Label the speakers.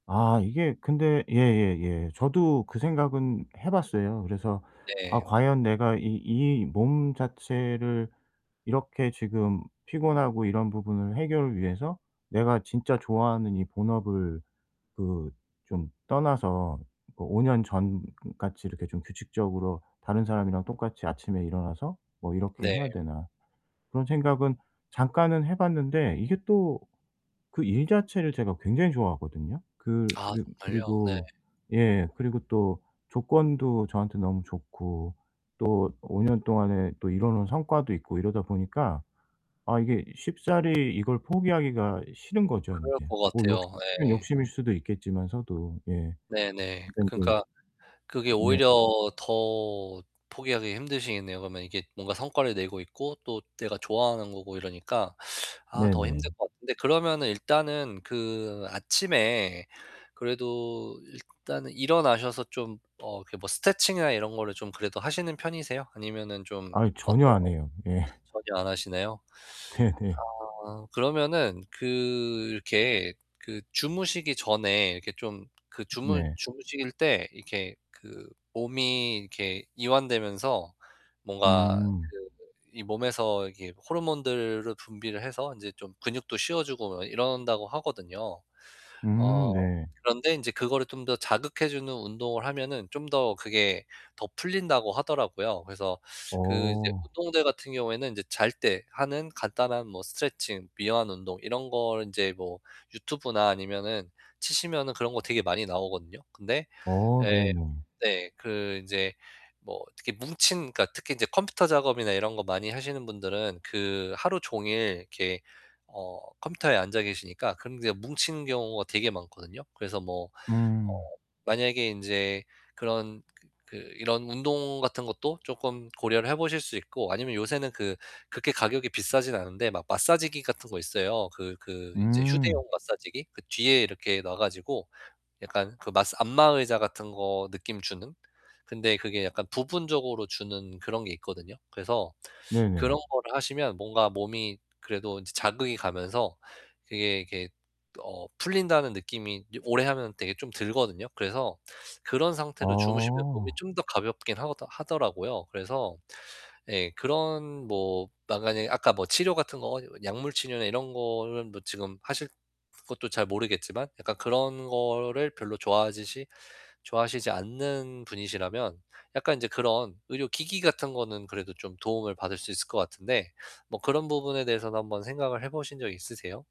Speaker 1: 아 이게 근데 예예예. 저도 그 생각은 해 봤어요. 그래서 '아
Speaker 2: 네.
Speaker 1: 과연 내가 이 이 몸 자체를 이렇게 지금 피곤하고 이런 부분을 해결을 위해서 내가 진짜 좋아하는 이 본업을 그 좀 떠나서 뭐 5 년 전 같이 이렇게 좀 규칙적으로 다른 사람이랑 똑같이 아침에 일어나서 뭐 이렇게
Speaker 2: 네.
Speaker 1: 해야 되나.' 그런 생각은 잠깐은 해 봤는데 이게 또 그 일 자체를 제가 굉장히 좋아하거든요. 그
Speaker 2: 아
Speaker 1: 그리
Speaker 2: 정말요? 네.
Speaker 1: 그리고 예 그리고 또 조건도 저한테 너무 좋고 또 5 년 동안에 또 이뤄 놓은 성과도 있고 이러다 보니까 아 이게 쉽사리 이걸 포기하기가 싫은 거죠
Speaker 2: 그럴
Speaker 1: 인제.
Speaker 2: 것
Speaker 1: 뭐
Speaker 2: 같아요.
Speaker 1: 욕심이면
Speaker 2: 예.
Speaker 1: 욕심일 수도 있겠지만서도 예.
Speaker 2: 네네.
Speaker 1: 네네.
Speaker 2: 그러니까 그게
Speaker 1: 네.
Speaker 2: 오히려 더 포기하기 힘드시겠네요. 그러면 이게 뭔가 성과를 내고 있고 또 내가 좋아하는 거고 이러니까 아 더 힘들
Speaker 1: 네네.
Speaker 2: 것 같은데 그러면은 일단은 그 아침에 그래도 일단은 일어나셔서 좀 어 뭐 스트레칭이나 이런 거를 좀 그래도 하시는 편이세요? 아니면은 좀
Speaker 1: 아이 전혀
Speaker 2: 어때요?
Speaker 1: 안 해요. 예.
Speaker 2: 전혀 안 하시네요?
Speaker 1: 네네.
Speaker 2: 아 그러면은 그 이렇게 그 주무시기 전에 이렇게 좀 그 주무
Speaker 1: 네.
Speaker 2: 주무실 때 이렇게 그 몸이 이렇게 이완되면서 뭔가
Speaker 1: 음.
Speaker 2: 그 이 몸에서 이게 호르몬들을 분비를 해서 인제 좀 근육도 씌워 주고 이런다고 하거든요. 어
Speaker 1: 음 네.
Speaker 2: 그런데 인제 그거를 좀 더 자극해 주는 운동을 하면은 좀 더 그게 더 풀린다고 하더라고요. 그래서 그 이제
Speaker 1: 어.
Speaker 2: 운동들 같은 경우에는 이제 잘 때 하는 간단한 뭐 스트레칭, 이완 운동 이런 거를 인제 뭐 유튜브나 아니면은 치시면은 그런 거 되게 많이 나오거든요. 근데
Speaker 1: 어
Speaker 2: 예.
Speaker 1: 네네.
Speaker 2: 네, 그 인제 뭐 특히 뭉친 그니까 특히 인제 컴퓨터 작업이나 이런 거 많이 하시는 분들은 그 하루 종일 이렇게 어 컴퓨터에 앉아 계시니까 그런 게 뭉치는 경우가 되게 많거든요. 그래서 뭐 어
Speaker 1: 음.
Speaker 2: 만약에 인제 그런 그 그 이런 운동 같은 것도 쪼끔 고려를 해 보실 수 있고 아니면 요새는 그 그렇게 가격이 비싸진 않은데 막 마사지기 같은 거 있어요. 그 그 인제
Speaker 1: 음.
Speaker 2: 휴대용 마사지기. 그 뒤에 이렇게 놔 가지고 약간 그 마사 안마 의자 같은 거 느낌 주는. 근데 그게 약간 부분적으로 주는 그런 게 있거든요. 그래서
Speaker 1: 네네.
Speaker 2: 그런 거를 하시면 뭔가 몸이 그래도 이제 자극이 가면서 그게 이렇게 어 풀린다는 느낌이 이제 오래 하면 되게 좀 들거든요. 그래서 그런 상태로 주무시면 몸이
Speaker 1: 어.
Speaker 2: 좀 더 가볍긴 하더 하더라고요. 그래서 예 그런 뭐 만약에 아까 뭐 치료 같은 거 약물 치료나 이런 거는 뭐 지금 하실 것도 잘 모르겠지만 약간 그런 거를 별로 좋아하듯이 좋아하시지 않는 분이시라면 약간 이제 그런 의료기기 같은 거는 그래도 좀 도움을 받을 수 있을 것 같은데, 뭐 그런 부분에 대해서는 한번 생각을 해 보신 적 있으세요?